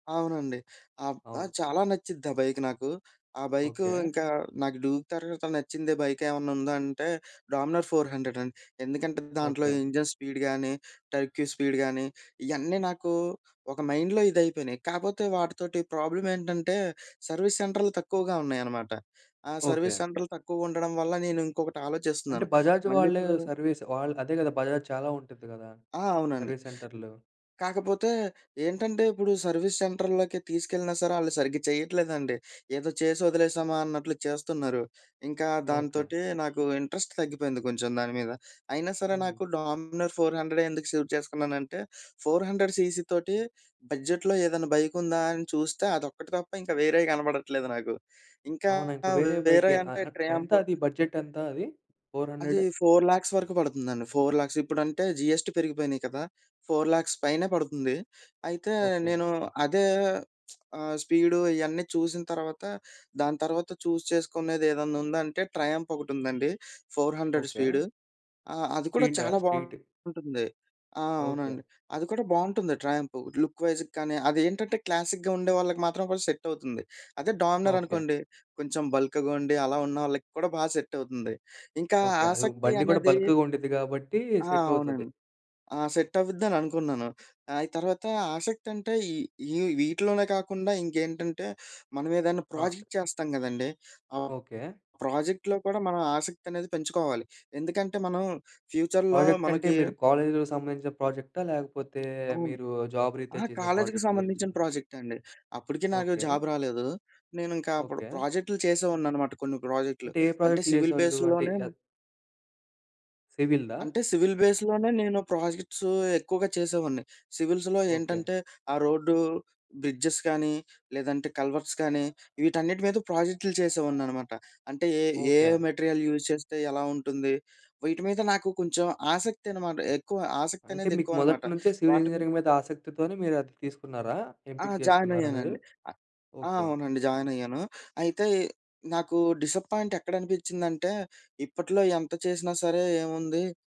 అవునండి. ఆహ్, ఆ! అవును. చాలా నచ్చుద్ది ఆ బైక్ నాకు. ఆ బైక్ ఓకే. ఇంకా, నాకు డ్యూక్ తరవాత నచ్చిందే బైక్ ఏమన్నా ఉందంటే 'డామినోర్ ఫోర్ హండ్రెడ్' అండి. ఎందుకంటే దాంట్లో ఓకే. ఇంజిన్ స్పీడ్ గానీ, టర్క్యూ స్పీడ్ గానీ, ఇయన్నీ నాకు ఒక మైండ్‌లో ఇదైపోయినాయి. కాపోతే వాటితోటి ప్రాబ్లమేంటంటే సర్వీస్ సెంటర్లు తక్కువగా ఉన్నాయన్నమాట. ఆ సర్వీస్ ఓకే. సెంటర్లు తక్కువగా ఉండడం వల్ల నేనుంకొకటి అంటే ఆలోచిస్తున్నాను. బజాజ్ వాళ్ళే మళ్ళీప్పుడు సర్వీస్ వాళ్ళు అదే గదా! బజాజ్ చాలా ఉంటుంది గదా! ఆ! అవునండి. సర్వీస్ సెంటర్లు. కాకపోతే ఏంటంటే ఇప్పుడు సర్వీస్ సెంటరులోకి తీసుకెళ్ళినా సరే ఆళ్ళు సరిగ్గా చేయట్లేదండి. ఏదో చేసి ఒదిలేసామా! అన్నట్లు చేస్తున్నారు. ఇంకా ఓకే. దాంతోటి నాకు ఇంట్రెస్ట్ తగ్గిపోయింది కొంచెం దాని మీద. అయినా సరే, హ్మ్. నాకు డామినోర్ ఫోర్ హండ్రెడె ఎందుకు సెలెక్ట్ చేసుకున్నానంటే, 400 సీసీ తోటి బడ్జెట్‌లో ఏదైనా బైక్ ఉందా? అని చూస్తే అదొక్కటి తప్ప ఇంకా వేరేయి కనపడట్లేదు నాకు. ఇంకా అవునా? ఇంకా వేరే వేరే బైకె ఆహ్, అంటే ఆహ్, ట్రయంఫ్ ఎంతది? బడ్జెట్ ఎంత అది? ఫోర్ అది హండ్రెడ్? 4,00,000 వరకు బడుతుందండి. 4,00,000 ఇప్పుడంటే జీఎస్‌టి పెరిగిపోయినాయి కదా! 4,00,000 పైనే పడుతుంది. అయితే ఓకే. నేను అదే! ఆహ్, స్పీడు ఇయన్నీ చూసిన తర్వాత, దాని తర్వాత చూస్ చేసుకునేది ఏదన్నుందంటే ట్రయంఫ్ ఒకటుందండి. 400 ఓకే. స్పీడు. ఆహ్, అది కూడా స్ట్రీటా? చాలా స్ట్రీట్. బావుంటుంది. ఆ! ఓకే. అవునండి. అది కూడా బావుంటుంది ట్రయంఫ్. లుక్ వైజ్‌గా గానీ, అదేంటంటే క్లాసిక్‌గా ఉండే వాళ్ళకి మాత్రం కొంచెం సెట‌వుతుంది. అదే! ఓకే. డామినరనుకోండి, కొంచెం బల్క్‌గా ఉండి అలా ఉన్నోళ్ళకి కూడా బా సెట్ అవుతుంది. ఇంకా ఓకే. అది ఆసక్తి బండి గూడా అనేది బల్క్‌గ ఉండిద్ది గాబట్టి ఆ! సెట్ అవుతది. అవునండి. ఆ! సెట్ అవిద్దననుకున్నాను. ఆ! అయి తర్వాత ఆసక్తి అంటే ఈ, ఈ వీటిలోనే కాకుండా ఇంకేంటంటే మనమేదైనా ఆ! ప్రాజెక్ట్ చేస్తాం గదండీ! ఆహ్, ఓకే. ప్రాజెక్ట్‌లో కూడా మనం ఆసక్తనేది పెంచుకోవాలి. ఎందుకంటే మనం ఫ్యూచర్‌లో ప్రాజెక్ట్ అంటే మనకి మీరు కాలేజీలో సంబంధించిన ప్రాజెక్టా? లేకపోతే అవును. మీరు జాబ్ రిత్యా అహా! చేసే కాలేజీకి ప్రాజెక్ట్ గురించి సంబంధించిన అంటున్నారా? ప్రాజెక్టండి. అప్పటికి నాకు ఓకే. జాబ్ రాలేదు. నేను ఇంకా అప్పుడు ఓకే. ప్రాజెక్టులు చేసేవాడినన్నమాట కొన్ని ప్రాజెక్టులు. అంటే ఏ అంటే ప్రాజెక్ట్‌లు సివిల్ జేసేవాళ్ళు? అంటే బేస్‌లోనే అద్ సివిల్‌దా? అంటే సివిల్ బేస్‌లోనే నేను ప్రాజెక్ట్సు ఎక్కువగా చేసేవాడిని. సివిల్స్‌లో ఓకే. ఏంటంటే, ఆ రోడ్డు, బ్రిడ్జెస్ కానీ లేదంటే కల్వర్ట్స్ కానీ, వీటన్నిటి మీద ప్రాజెక్టులు చేసేవాడినన్నమాట. అంటే ఏ ఏ ఏ ఓకే. మెటీరియల్ యూజ్ చేస్తే ఎలా ఉంటుంది? వీటి మీద నాకు కొంచెం ఆసక్తన్నమాట. ఎక్కువ అంటే ఆసక్తనేది మీకు ఎక్కువన్నమాట. మొదటి నుంచే సివిల్ వాటి మీ ఇంజినీరింగ్ మీద ఆసక్తితోనే మీరది తీసుకున్నారా? ఆ! ఎంపిక జేసుకున్నారా మీరు? జాయినయ్యానండి. అ ఆ! ఓకే. అవునండి. జాయినయ్యాను. అయితే నాకు డిసప్పాయింట్ ఎక్కడనిపించిందంటే ఇప్పట్లో ఎంత చేసినా సరే ఏముంది